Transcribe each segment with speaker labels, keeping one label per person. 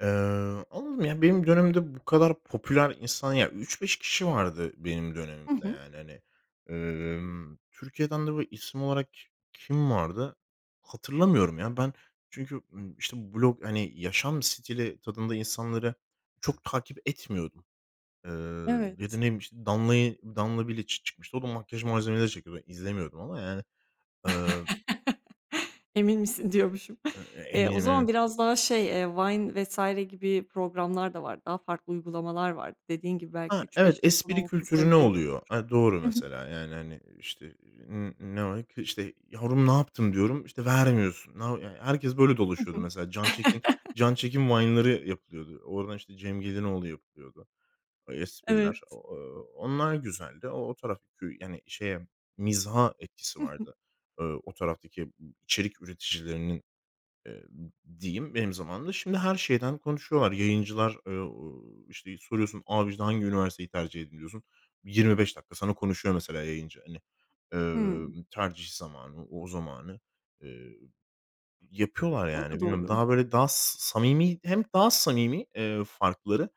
Speaker 1: Eee, anladım ya, benim dönemimde bu kadar popüler insan, ya, 3-5 kişi vardı benim
Speaker 2: Hı
Speaker 1: dönemimde
Speaker 2: hı.
Speaker 1: yani, hani. Emm, Türkiye'den de bu isim olarak ki kim vardı hatırlamıyorum ya, ben. Çünkü, işte, blog, hani, yaşam stili tadında insanları çok takip etmiyordum, eee, ya da, ne
Speaker 2: Evet.
Speaker 1: bileyim, işte, Danla'yı, Danla Biliç çıkmıştı. O da makyaj malzemeleri çekiyordu. Ben izlemiyordum ama, yani. Eee
Speaker 2: "Emin misin?" diyormuşum. Eee, o zaman
Speaker 1: [unintelligible]
Speaker 2: biraz daha şey, eee, Vine vs. gibi programlar da vardı. Daha farklı uygulamalar vardı. Dediğin gibi belki
Speaker 1: Ha,
Speaker 2: üç
Speaker 1: evet,
Speaker 2: beş insan
Speaker 1: espri
Speaker 2: olmasının
Speaker 1: kültürüne
Speaker 2: sebebi de
Speaker 1: oluyor? Eee, doğru,
Speaker 2: Hı hı.
Speaker 1: mesela, yani, hani, işte, "N ne [unintelligible] işte, yavrum ne yaptın?" diyorum, işte, "vermiyorsun." [unintelligible] Herkes böyle
Speaker 2: Hı
Speaker 1: dolaşıyordu,
Speaker 2: hı.
Speaker 1: mesela. Can Çekin Can Çekin Vine'ları yapılıyordu. Oradan, işte, Cem Gelinoğlu yapılıyordu. Espriler, o
Speaker 2: Evet.
Speaker 1: e o onlar güzeldi. O o taraf kü yani, şeye mizaha etkisi
Speaker 2: Hı hı.
Speaker 1: vardı, eee, o taraftaki, ıb içerik üreticilerinin, eee, ı ı diyeyim benim zamanımda. Şimdi her şeyden konuşuyorlar. Yayıncılar e o e işte soruyorsun, "Abi, işte hangi üniversiteyi tercih ediliyorsun?" 25 dakika sana konuşuyor, mesela, yayıncı, hani, eee,
Speaker 2: Hımm.
Speaker 1: ımm, tercih zamanı, o zamanı, eee, yapıyorlar,
Speaker 2: O
Speaker 1: yani.
Speaker 2: da
Speaker 1: Bilmiyorum
Speaker 2: doğru.
Speaker 1: daha, böyle, daha s samimi hem daha samimi, eee, farkları,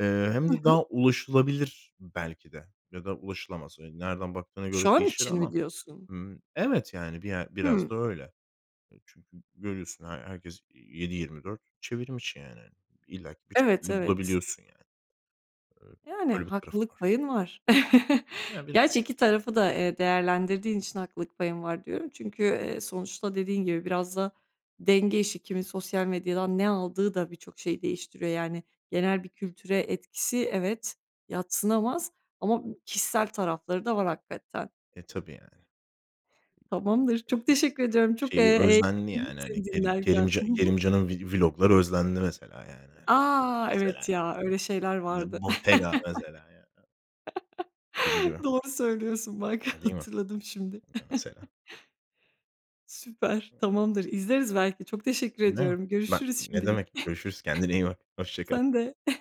Speaker 1: eee, hem
Speaker 2: Hı
Speaker 1: de
Speaker 2: hı.
Speaker 1: daha ulaşılabilir belki de ya da ulaşılamaz. Eee, nereden baktığına göre
Speaker 2: Şu an
Speaker 1: değişir
Speaker 2: için mi
Speaker 1: ama,
Speaker 2: diyorsun?
Speaker 1: ımm Evet, yani, bir ye biraz da
Speaker 2: Hımm.
Speaker 1: öyle. Çünkü görüyorsun he herkes 7/24 çevrimiçi, yani. İllaki bir
Speaker 2: Evet,
Speaker 1: şekilde
Speaker 2: evet.
Speaker 1: bulabiliyorsun, yani. Eee,
Speaker 2: Yani,
Speaker 1: öyle bir tarafı
Speaker 2: haklılık
Speaker 1: var.
Speaker 2: payın var.
Speaker 1: Ya, biraz.
Speaker 2: Gerçi, 2 tarafı da, eee, değerlendirdiğin için haklılık payın var, diyorum. Çünkü, eee, sonuçta dediğin gibi biraz da denge işi. Kimin sosyal medyadan ne aldığı da birçok şeyi değiştiriyor. Yani, genel bir kültüre etkisi, evet, yadsınamaz ama b kişisel tarafları da var, hakikaten.
Speaker 1: E, tabii, yani.
Speaker 2: Tamamdır. Çok teşekkür ediyorum. Çok, eee,
Speaker 1: Şeyi özlendi
Speaker 2: eğlendim
Speaker 1: yani, hani,
Speaker 2: seni
Speaker 1: Kerim
Speaker 2: dinlerken.
Speaker 1: Kerimca
Speaker 2: Hı hı.
Speaker 1: Kerimcan'ın vlog'ları özlendi mesela, yani.
Speaker 2: A!
Speaker 1: Mesela,
Speaker 2: Evet ya, öyle şeyler
Speaker 1: yani, ya,
Speaker 2: vardı.
Speaker 1: Bottega, mesela, yani. Gibi, gibi.
Speaker 2: Doğru söylüyorsun, bak,
Speaker 1: Değil mi?
Speaker 2: hatırladım şimdi.
Speaker 1: I mesela.
Speaker 2: Süper, tamamdır. İzleriz belki, çok teşekkür ediyorum,
Speaker 1: [unintelligible] Bak
Speaker 2: görüşürüz
Speaker 1: ne
Speaker 2: şimdilik.
Speaker 1: demek. Görüşürüz. Kendine iyi bak. Hoşça kal.
Speaker 2: Sen de.